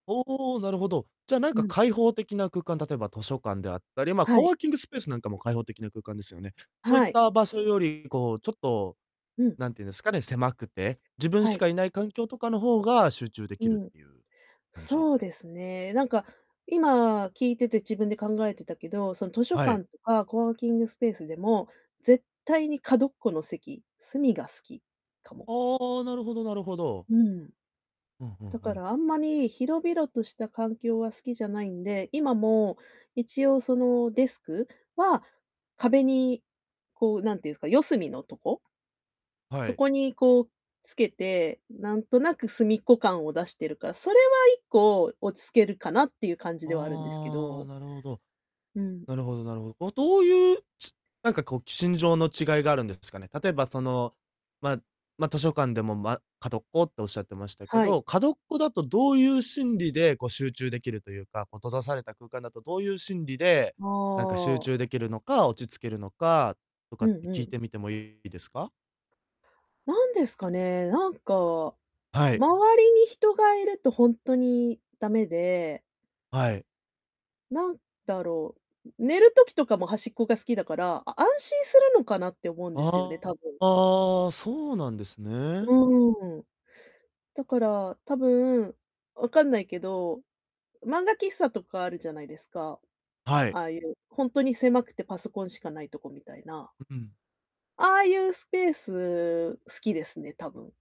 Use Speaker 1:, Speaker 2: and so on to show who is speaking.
Speaker 1: おおおお、なるほど。じゃあなん
Speaker 2: う
Speaker 1: か
Speaker 2: ん。
Speaker 1: 開放的な空間、例えば図書館であったり、ま、
Speaker 2: は
Speaker 1: コ
Speaker 2: い。
Speaker 1: ワーキングスペースなんかも開放的な空間ですよね。そういっ
Speaker 2: はい。
Speaker 1: た場所より、こう、ちょっと、
Speaker 2: うん。
Speaker 1: なんていうんですかね、狭くて、自分
Speaker 2: は
Speaker 1: し
Speaker 2: い。
Speaker 1: かいない環境とかの方が集中で
Speaker 2: う
Speaker 1: きる
Speaker 2: ん。
Speaker 1: っていう感じ？
Speaker 2: そうですね、なんか、今聞いてて自分で考えてたけど、その図書
Speaker 1: はい。
Speaker 2: 館とか、コワーキングスペースでも、絶対に角っこの席隅が好きかも。
Speaker 1: ああ、なるほどなるほど。
Speaker 2: うん。
Speaker 1: うんうん
Speaker 2: だ
Speaker 1: う
Speaker 2: か
Speaker 1: ん。
Speaker 2: らあんまり広々とした環境は好きじゃないんで、今も一応そのデスクは、壁に、こうなんて言うんすか、四隅のとこ
Speaker 1: は
Speaker 2: そ
Speaker 1: い。
Speaker 2: こにこうつけて、なんとなく隅っこ感を出してるから、それは一個落ち着けるかなっていう感じではあるんですけ
Speaker 1: ああ、
Speaker 2: ど。
Speaker 1: なるほど。
Speaker 2: うん。
Speaker 1: なるほどなるほ。お、どういう、ちなんかこう心情の違いがあるんですかね。例えばその、まあ、ま、図書館でも、ま、角っこっておっしゃってましたけ
Speaker 2: はい。
Speaker 1: ど、角っこだとどういう心理でこう集中できるというか、こう閉ざされた空間だとどういう心理で、なんか、集
Speaker 2: ああ。
Speaker 1: 中できるのか、落ち着けるのか、とか
Speaker 2: う
Speaker 1: っ
Speaker 2: ん
Speaker 1: て聞
Speaker 2: う
Speaker 1: い
Speaker 2: ん。
Speaker 1: てみてもいいですか？
Speaker 2: なんですかね、なんか、
Speaker 1: はい。
Speaker 2: 周りに人がいるとほんとに駄目で
Speaker 1: はい。
Speaker 2: なんだろう、ん、寝る時とかも端っこが好きだから、あ安心するのかなって思うんですよね、
Speaker 1: あ
Speaker 2: 多分。
Speaker 1: あ、ああ、そうなんですね。
Speaker 2: うーん。だから、多分、わかんないけど、漫画喫茶とかあるじゃないですか、
Speaker 1: は
Speaker 2: あ
Speaker 1: い。
Speaker 2: あいう。ほんとに狭くてパソコンしかないとこみたいな。
Speaker 1: ううん。
Speaker 2: ああいうスペース好きですね、多分。